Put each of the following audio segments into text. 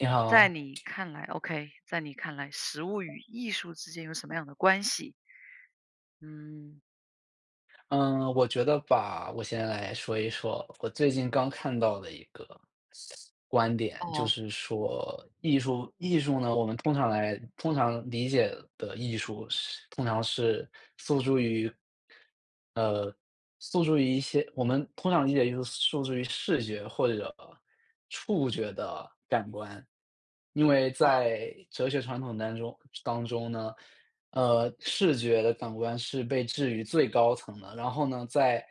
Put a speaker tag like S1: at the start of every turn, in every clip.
S1: 你
S2: 在
S1: 好。
S2: 你 看来 okay，在你看来实物与艺术之间有什么样的关系。嗯。
S1: 嗯，我觉得吧，我先来说一说，我最近刚看到的一个观点，就
S2: 哦。
S1: 是说艺术艺术呢，我们通常来通常理解的艺术是通常是诉诸于呃，诉诸于一些我们通常理解艺术诉诸于视觉或者触觉的感官。因为
S2: 啊。
S1: 在哲学传统当中当中呢，呃，视觉的感官是被置于最高层的，然后呢在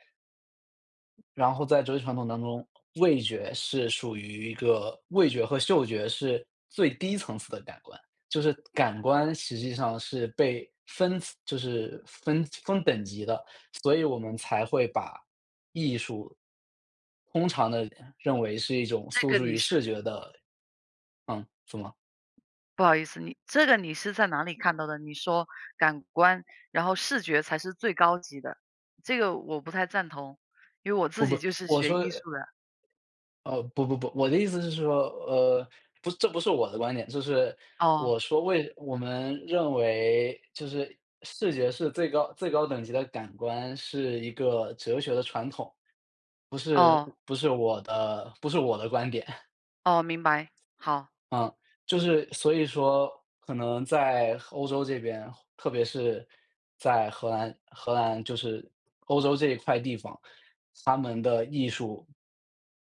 S1: 然后在哲学传统当中，味觉是属于一个味觉和嗅觉是最低层次的感官，就是感官实际上是被分就是分分等级的，所以我们才会把艺术通常的认为是一种
S2: 这
S1: 诉
S2: 个
S1: 诸
S2: 你
S1: 于
S2: 是
S1: 视觉的嗯，怎么？
S2: 不好意思，你这个你是在哪里看到的？你说感官，然后视觉才是最高级的。这个我不太赞同，因为我自
S1: 我
S2: 己
S1: 不
S2: 就是
S1: 我
S2: 学
S1: 说
S2: 艺术的。
S1: 呃，不，不，不，我的意思是说，呃，不这不是我的观点，就是，
S2: 哦。
S1: 我说为我们认为就是视觉是最高最高等级的感官，是一个哲学的传统。
S2: 哦。
S1: 不是不是我的不是我的观点。
S2: 哦，明白，好。
S1: 嗯，就是，所以说，可能在欧洲这边，特别是在荷兰荷兰，就是欧洲这一块地方，它们的艺术，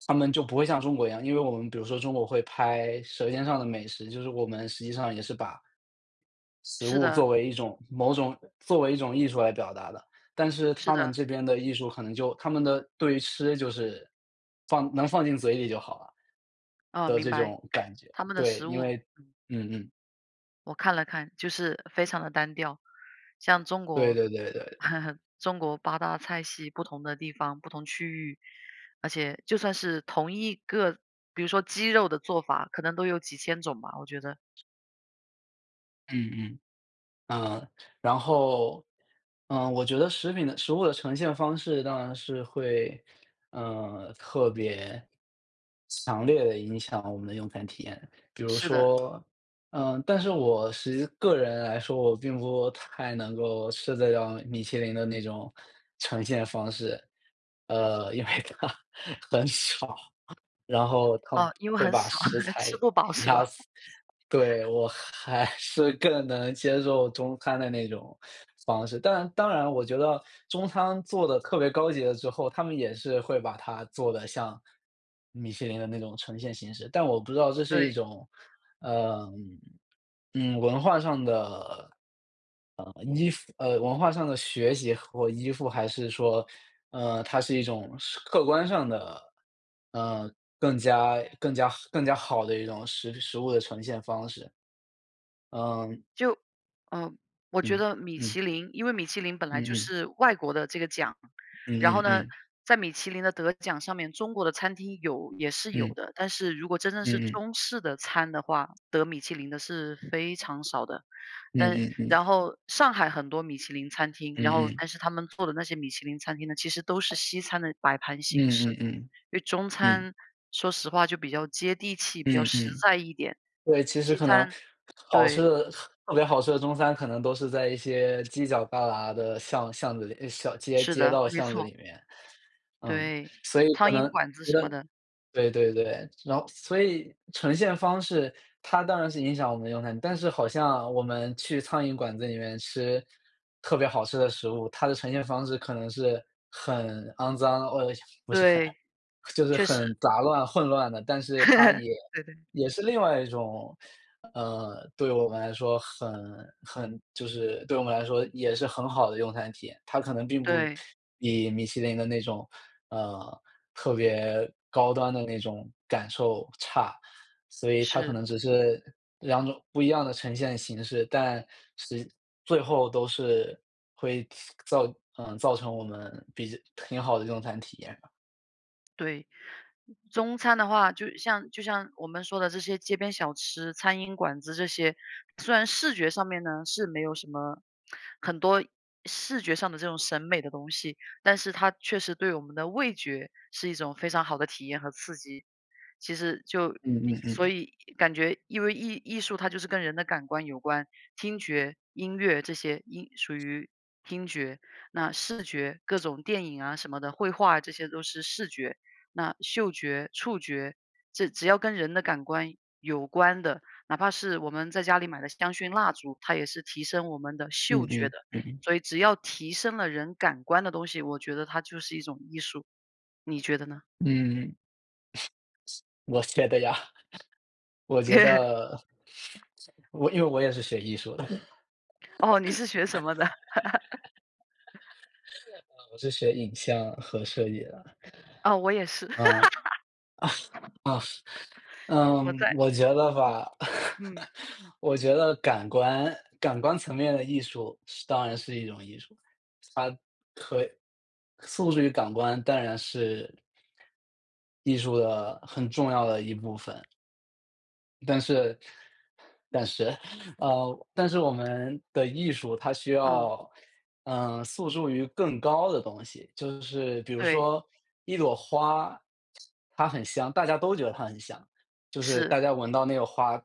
S1: 他们就不会像中国一样，因为我们比如说中国会拍舌尖上的美食，就是我们实际上也是把食
S2: 是
S1: 物
S2: 的。
S1: 作为一种某种作为一种艺术来表达的，但是
S2: 是
S1: 他们
S2: 的。
S1: 这边的艺术可能就他们的，对于吃就是，呃，放能放进嘴里就好了，
S2: 哦，
S1: 的
S2: 明
S1: 这
S2: 白。
S1: 种感觉，
S2: 他他们的
S1: 对，
S2: 食
S1: 因
S2: 物。
S1: 为
S2: 嗯。
S1: 嗯嗯。
S2: 我看了看，就是非常地单调。像中
S1: 对
S2: 国
S1: 对对对对。
S2: 中国八大菜系，不同的地方、不同区域而且就算是同一个比如说鸡肉的做法可能都有几千种吧，我觉得。
S1: 嗯嗯。嗯，然后，呃，我觉得食品的食物的呈现方式当然是会，呃，特别强烈地影响我们的用餐体验。比如
S2: 是的。
S1: 说嗯，但是我实际个人来说，我并不太能够吃得了米其林的那种呈现方式。呃，因为它很少，然后它
S2: 哦，因为
S1: 会
S2: 很
S1: 把
S2: 少，
S1: 食 材
S2: 吃不饱是
S1: 压
S2: 吧？
S1: 死。对，我还还是更能接受中餐的那种 方式。但当然了，我觉得中餐做得特别高级了之后，他们也是会把它做得像米其林的那种呈现形式。但我不知道这是一
S2: 对。
S1: 种，呃，嗯，文化上的，呃，依附呃，文化上的学习和或依附，还是说，呃，它是一种实客观上的，呃，更加更加好更加好的一种食品食物的呈现方式，嗯
S2: 就呃，我觉
S1: 嗯，
S2: 得米
S1: 嗯。
S2: 其林因为米其林本来
S1: 嗯
S2: 就
S1: 嗯。
S2: 是外国的这个奖。
S1: 嗯
S2: 然后
S1: 嗯
S2: 呢，
S1: 嗯。
S2: 在米其林的得奖上面中国的餐厅有也是有
S1: 嗯。
S2: 的，但是如果真的是
S1: 嗯嗯。
S2: 中式的餐的话，得米其林的是非常少的。
S1: 嗯
S2: 但
S1: 嗯
S2: 然
S1: 嗯。
S2: 后上海很多米其林餐厅，然
S1: 嗯
S2: 后
S1: 嗯。
S2: 但是他们做的那些米其林餐厅呢，其实都是西餐的摆盘形式。
S1: 嗯嗯嗯，
S2: 因为中
S1: 嗯。
S2: 餐，说实话就比较接地气、比较
S1: 嗯
S2: 实
S1: 嗯。
S2: 在一点。
S1: 对，其实
S2: 西
S1: 可能
S2: 餐，
S1: 好吃
S2: 对
S1: 的特别好吃的中餐可能都是在一些犄角旮旯的巷巷子里，小街
S2: 是
S1: 街
S2: 的，
S1: 道
S2: 没
S1: 巷子
S2: 错。
S1: 里面。嗯，
S2: 对，
S1: 所以可
S2: 苍
S1: 能，
S2: 蝇馆子
S1: 我觉
S2: 什么
S1: 得
S2: 的。
S1: 对对对。然后所以呈现方式，它当然是影响我们用餐，但是好像我们去苍蝇馆子里面吃特别好吃的食物，它的呈现方式可能是很肮脏哦，呃，不是很
S2: 对，
S1: 就是
S2: 确实。
S1: 很杂乱、混乱的。但 是它也
S2: 对对。
S1: 也是另外一种，呃，对我们来说很很就是对我们来说也是很好的用餐体验。它可能并不
S2: 对。
S1: 比米其林的那种，呃，特别高端的那种感受差。所以它可
S2: 是。
S1: 能只是2种不一样的呈现形式。但，实最后都是会次个造嗯，造成我们比较挺好的用餐体验吧。
S2: 对。中餐的话就像就像我们说的这些街边小吃、苍蝇馆子这些，虽然视觉上面呢是没有什么，很多视觉上的这种审美的东西，但是它确实对我们的味觉是一种非常好的体验和刺激。其实就
S1: 嗯嗯
S2: 所
S1: 嗯。
S2: 以感觉因为艺艺术它就是跟人的感官有关，听觉、音乐这些应属于听觉，那视觉，各种电影啊什么的，绘画啊这些都是视觉，那嗅觉、触觉，这只要跟人的感官有关的，哪怕是我们在家里买的香薰蜡烛，它也是提升我们的
S1: 嗯，
S2: 嗅觉
S1: 嗯，
S2: 的，
S1: 嗯。
S2: 所以只要提升了人感官的东西，我觉得它就是一种艺术，你觉得呢？
S1: 嗯，我学的呀。我觉 得我因为我也是学艺术的。
S2: 哦，你是学什么的？
S1: 摄影，我是学影像和摄影啦。
S2: 哦，我也是。
S1: 嗯。啊，嗯。
S2: 我
S1: 嗯，
S2: 在
S1: 我觉得吧。
S2: 嗯。
S1: 我觉得感官感官层面的艺术是当然是一种艺术，它可诉诸于感官，当然是艺术的很重要的一部分。但是但是呃，但是我们的艺术，它需
S2: 嗯。
S1: 要，呃，诉诸于更高的东西。就是比如
S2: 对。
S1: 说一朵花，它很香，大家都觉得它很香，就是大
S2: 是。
S1: 家闻到那个花，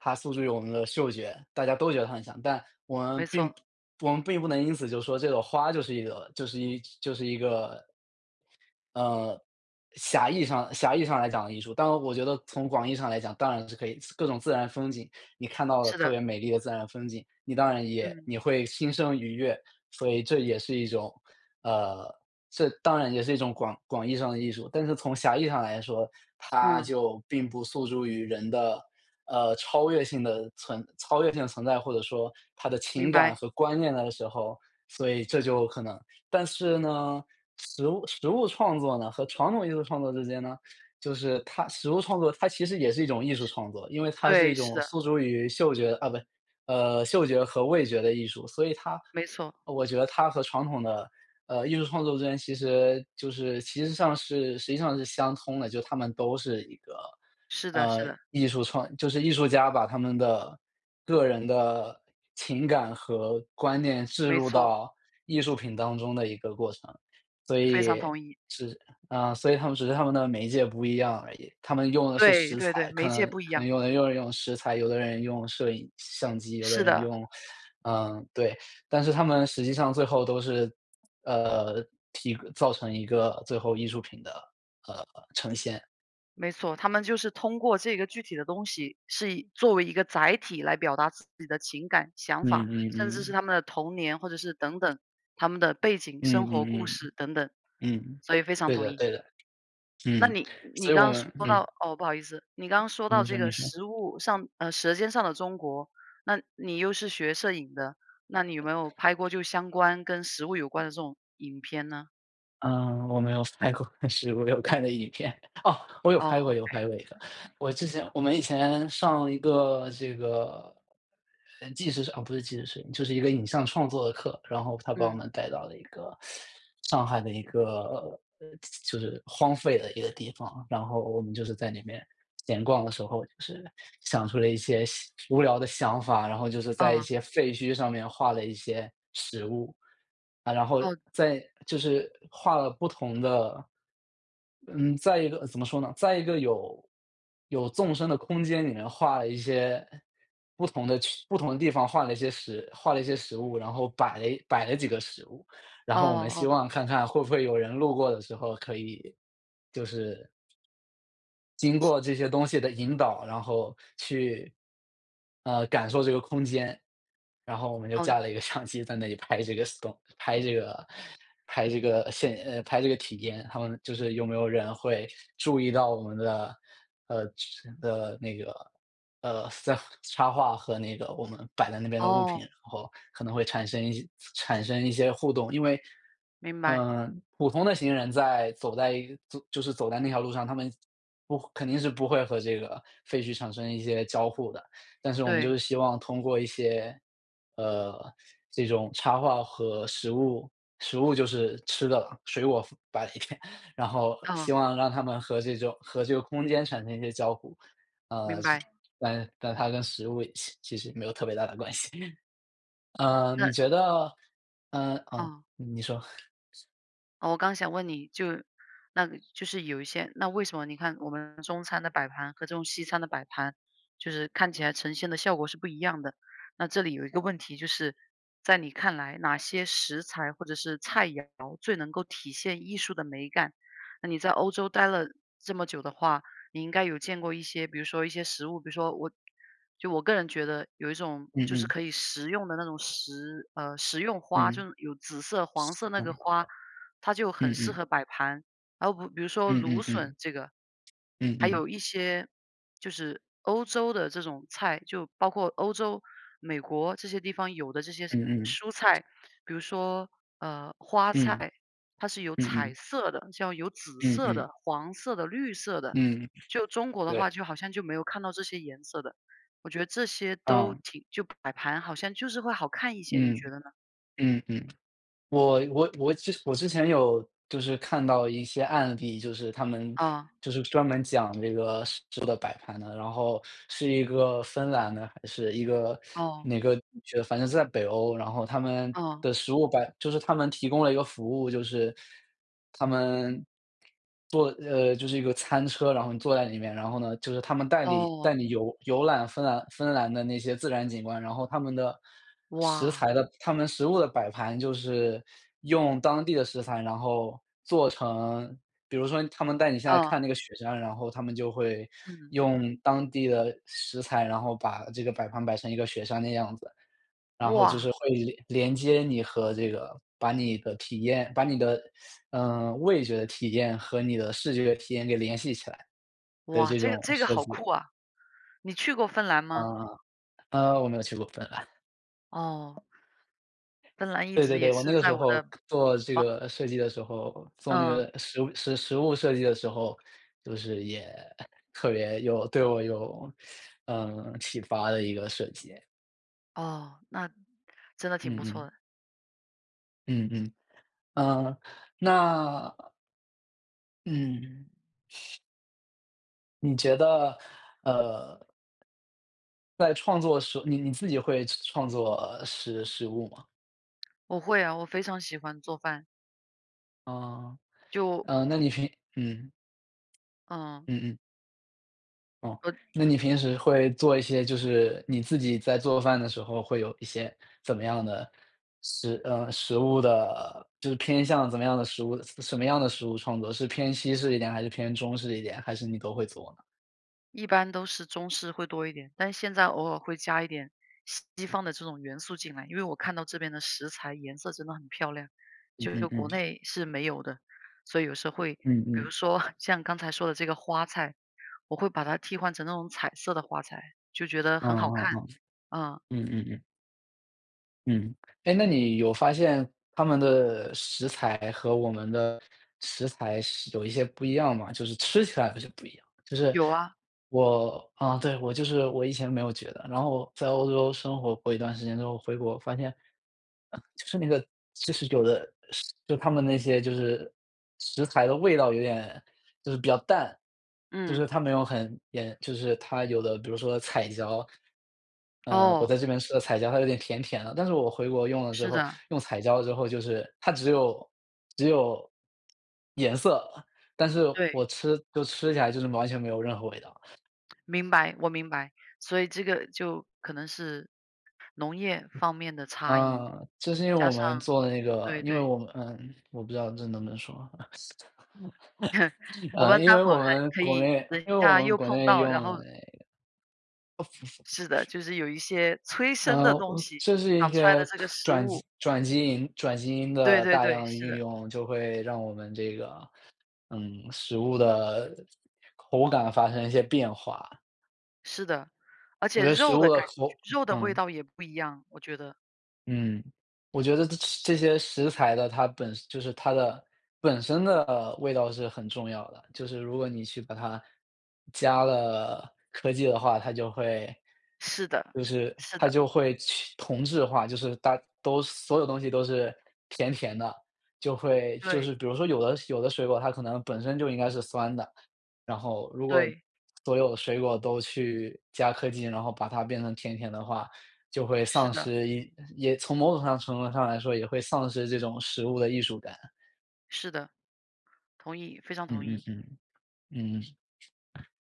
S1: 它诉诸于我们的嗅觉，大家都觉得它很香，但我
S2: 没
S1: 们
S2: 错。
S1: 并我们并不能因此就说这朵花就是一个就是一就是一个呃，狭义上狭义上来讲的艺术，当然我觉得从广义上来讲，当然是可以，各种自然风景，你看到的
S2: 是
S1: 特
S2: 的。
S1: 别美丽的自然风景，你当然也
S2: 嗯。
S1: 也会心生愉悦，所以这也是一种呃，这当然也是一种广广义上的艺术。但是从狭义上来说，它
S2: 嗯。
S1: 就并不诉诸于人的，呃，超越性的存超越性的存在，或者说它的情
S2: 明
S1: 感
S2: 白。
S1: 和观念的时候，所以这就可能但是呢，食物食物创作呢和传统艺术创作之间呢，就是它食物创作，它其实也是一种艺术
S2: 是。
S1: 创作。因为它是一
S2: 对，是
S1: 种
S2: 的。
S1: 诉诸于嗅觉啊不，呃，嗅觉和味觉的艺术，所以它
S2: 没错。
S1: 我觉得它和传统的，呃，艺术创作之间，其实就是，其实上是其实上是相通的。就它们都是一个，
S2: 是的是
S1: 呃，
S2: 的。
S1: 艺术创就是艺术家把他们的个人的情感和观念置
S2: 没
S1: 入
S2: 错。
S1: 到艺术品当中的一个过程。所
S2: 非常
S1: 以，
S2: 同意。
S1: 是啊，所以他们只是他们的媒介不一样而已，他们用的是
S2: 对，
S1: 食
S2: 对对，
S1: 材，可
S2: 媒介
S1: 能
S2: 不一
S1: 可能
S2: 样。
S1: 有的人用用食材，有的人用摄影相机，有的
S2: 是
S1: 人
S2: 的。
S1: 用呃，对，但是他们实际上最后都是，呃，提造成一个最后艺术品的，呃，呈现。
S2: 没错，他们就是通过这个具体的东西，是以作为一个载体来表达自己的情感、想
S1: 嗯，
S2: 法、甚
S1: 嗯，
S2: 至是
S1: 嗯。
S2: 他们的童年或者是等等，他们的背景，生
S1: 嗯，
S2: 活故
S1: 嗯，嗯。
S2: 事等等。
S1: 嗯。
S2: 所以非常
S1: 对
S2: 同
S1: 的，
S2: 意。
S1: 对的，
S2: 那
S1: 嗯，
S2: 你
S1: 所
S2: 你
S1: 以我
S2: 刚刚说
S1: 们嗯。
S2: 到哦，不好意思，你刚刚说
S1: 你
S2: 到这
S1: 说
S2: 个
S1: 你说。
S2: 食物上呃，舌尖上的中国，那你又是学摄影的，那你有没有拍过就相关跟食物有关的这种影片呢？
S1: 嗯，我没有拍过，但是我有看过影片。哦！我有拍过，
S2: 哦，
S1: 有
S2: 唉。
S1: 拍过一个。我之前我们以前上一个这个，呃纪实哦不是纪实摄影，就是一个影像创作的课，然后他把我
S2: 嗯。
S1: 们带到了一个，上海的一个就就是荒废的一个地方，然后我们就是在里面闲逛的时候，就是想出了一些细无聊的想法，然后就是在一
S2: 啊。
S1: 些废墟上面画了一些食物。啊，然后
S2: 哦。
S1: 在就是画了不同的嗯。在一个怎么说呢。在一个有有纵深的空间里面画了一些不同的区不同的地方画了一些食画了一些食物，然后摆了摆了几个食物，然
S2: 哦
S1: 后我们希
S2: 哦。
S1: 望看看会不会有人路过的时候可以就是经过这些东西的引导，然后去呃感受这个空间。然后我们就
S2: 哦。
S1: 架了一个相机在那里拍这个 Stone，拍这个拍这个现呃拍这个体验，他们就是有没有人会注意到我们的呃的那个呃这插画和那个我们摆在那边的物品，
S2: 哦。
S1: 然后可能会产生一些产生一些互动。因为，
S2: 明白。
S1: 嗯，普通的行人在走在就是走在那条路上，他们不肯定是不会和这个废墟产生一些交互的，但是我们就
S2: 对。
S1: 是希望通过一些呃，这种插画和食物-食物就是吃的了-水果摆一点，然后希
S2: 哦。
S1: 望让他们和这种和这个空间产生一些交互。呃
S2: 明
S1: 是
S2: 白。
S1: 但但它跟食物其其实没有特别大的关系。呃，你
S2: 那
S1: 觉得嗯哦
S2: 啊。
S1: 你说。
S2: 哦，我刚想问你就那个就是有一些那为什么你看我们中餐的摆盘和这种西餐的摆盘，就是看起来呈现的效果是不一样的。那这里有一个问题就是在你看来，哪些食材或者是菜肴最能够体现艺术的美感。那你在欧洲待了这么久的话，你应该有见过一些，比如说一些食物，比如说我就我个人觉得有一种
S1: 嗯
S2: 就是
S1: 嗯。
S2: 可以食用的那种食，呃食用花，就
S1: 嗯。
S2: 是有紫色、
S1: 食
S2: 黄色那
S1: 用
S2: 个
S1: 吧哈。
S2: 花，它就很
S1: 嗯
S2: 适
S1: 嗯。
S2: 合摆盘。然后比比如说
S1: 嗯
S2: 芦
S1: 嗯
S2: 笋
S1: 嗯。
S2: 这个，
S1: 嗯
S2: 还
S1: 嗯。
S2: 有一些就是欧洲的这种菜，就包括欧洲，美国这些地方有的这些
S1: 嗯嗯。
S2: 蔬菜。比如说，呃，花
S1: 嗯。
S2: 菜，它是有
S1: 嗯
S2: 彩
S1: 嗯。
S2: 色的，像有紫
S1: 嗯
S2: 色
S1: 嗯。
S2: 的、黄色的、绿色的，
S1: 嗯。
S2: 就中国的
S1: 对。
S2: 话就好像就没有看到这些颜色的。我觉得这些都
S1: 嗯。
S2: 挺就摆盘，好像就是会好看一些，你
S1: 嗯。
S2: 觉得呢？
S1: 嗯嗯。我我我之我之前有就是看到一些案例，就是他们
S2: 嗯。
S1: 就是专门讲这个食物的摆盘的。然后是一个芬兰的还是一个
S2: 哦。
S1: 哪个就反正是在北欧，然后他们
S2: 嗯。
S1: 的食物摆就是他们提供了一个服务。就是他们做，呃就是一个餐车，然后你坐在里面，然后呢就是他们带你
S2: 哦。
S1: 带你游游览芬兰芬兰的那些自然景观。然后他们的食材
S2: 哇。
S1: 的他们食物的摆盘就是用当地的食材，然后做成比如说他们带你下来
S2: 哦。
S1: 看那个雪山，然后他们就会
S2: 嗯。
S1: 用当地的食材，然后把这个摆盘摆成一个雪山的样子。然后就
S2: 哇。
S1: 是会连连接你和这个，把你的体验把你的，嗯，味觉的体验和你的视觉体验给联系起来的
S2: 哇。
S1: 这
S2: 这个
S1: 种
S2: 这个
S1: 设
S2: 好
S1: 计。
S2: 酷啊。你去过芬兰吗？
S1: 嗯。呃，我没有去过芬兰。
S2: 哦。芬兰一
S1: 对，对，
S2: 直也
S1: 对，我那
S2: 是
S1: 个
S2: 在
S1: 时
S2: 我
S1: 候
S2: 的
S1: 做这
S2: 啊。
S1: 个设计的时候，做那
S2: 嗯。
S1: 个实实实物设计的时候，就是也特别有对我有，嗯，启发的一个设计。
S2: 哦，那真的挺
S1: 嗯，
S2: 不错
S1: 嗯。
S2: 的。
S1: 嗯，嗯，呃，那嗯。你觉得呃在创作的时候，你你自己会创作实实物吗？
S2: 我会啊，我非常喜欢做饭。
S1: 呃。
S2: 就
S1: 嗯，那你平嗯。
S2: 嗯。
S1: 嗯嗯。哦，
S2: 呃
S1: 那你平时会做一些就是你自己在做饭的时候会有一些怎么样的食呃，食物的就是偏向怎么样的食物什么样的食物创作，是偏西式一点还是偏中式一点，还是你都会做呢？
S2: 一般都是中式会多一点，但现在偶尔会加一点西方的这种元素进来，因为我看到这边的食材颜色真的很漂亮，
S1: 嗯
S2: 就是
S1: 嗯
S2: 国
S1: 嗯。
S2: 内是没有的，所以有时候会
S1: 嗯
S2: 比
S1: 嗯。
S2: 如说像刚才说的这个花菜，我会把它替换成那种彩色的花菜，就觉得
S1: 哦
S2: 很好
S1: 哦
S2: 看。
S1: 哦，
S2: 啊。
S1: 嗯嗯嗯。嗯。哎，那你有发现他们的食材和我们的食材是有一些不一样吗？就是吃起来好像不一样。就是
S2: 有啊。
S1: 我啊，对，我就是我以前没有觉得。然后在欧洲生活过一段时间之后，回国发现，就是那个就是有的就它们那些就是食材的味道有点就是比较淡，就
S2: 嗯。
S1: 是它没有很也就是它有的比如说彩椒，嗯，我
S2: 哦。
S1: 在这边吃的彩椒它有点甜甜的。但是我回国用了之
S2: 是
S1: 后，
S2: 的。
S1: 用彩椒之后，就是它只有只有颜色，但是
S2: 对。
S1: 我吃就吃起来就是完全没有任何味道。
S2: 明白，我明白。所以这个就可能是农业方面的差异，
S1: 呃，就是因为我
S2: 加
S1: 们
S2: 上
S1: 做的那个，
S2: 对
S1: 因为
S2: 对。
S1: 我们嗯，我不知道这能不能说。
S2: 我
S1: 呃，
S2: 们
S1: 因
S2: 待
S1: 为
S2: 会儿
S1: 我
S2: 可
S1: 们
S2: 可
S1: 国
S2: 以，
S1: 内
S2: 等一
S1: 因为我
S2: 下
S1: 们
S2: 又
S1: 国
S2: 碰
S1: 内
S2: 到，然
S1: 用的那
S2: 后
S1: 个
S2: 是 的，就是有一些催生的
S1: 呃，
S2: 东西
S1: 就是一
S2: 长出来的
S1: 些
S2: 这个食
S1: 转基
S2: 物。
S1: 因转基因转基因
S2: 对
S1: 的
S2: 对
S1: 大
S2: 对，
S1: 量
S2: 是
S1: 运
S2: 的。
S1: 用，就会让我们这个，嗯，食物的口感发生一些变化。
S2: 是的，而
S1: 我
S2: 且
S1: 觉得食
S2: 肉的
S1: 物的
S2: 感
S1: 口
S2: 觉肉的味
S1: 嗯。
S2: 道也不一样，我觉得。
S1: 嗯，我觉得这这些食材的，它本就是它的本身的味道是很重要的。就是如果你去把它加了科技的话，它就会
S2: 是的，
S1: 就是
S2: 是
S1: 它
S2: 的。
S1: 就会去同质化。就是大都所有东西都是甜甜的。就会就
S2: 对。
S1: 是比如说，有的有的水果它可能本身就应该是酸的，然后如果
S2: 对。
S1: 所有的水果都去加科技，然后把它变成甜甜的话，就会
S2: 是
S1: 丧
S2: 的。
S1: 失也从某种上程度上来说也会丧失这种食物的艺术感。
S2: 是的。同意，非常
S1: 嗯
S2: 同
S1: 嗯
S2: 意。
S1: 嗯，嗯嗯。啊。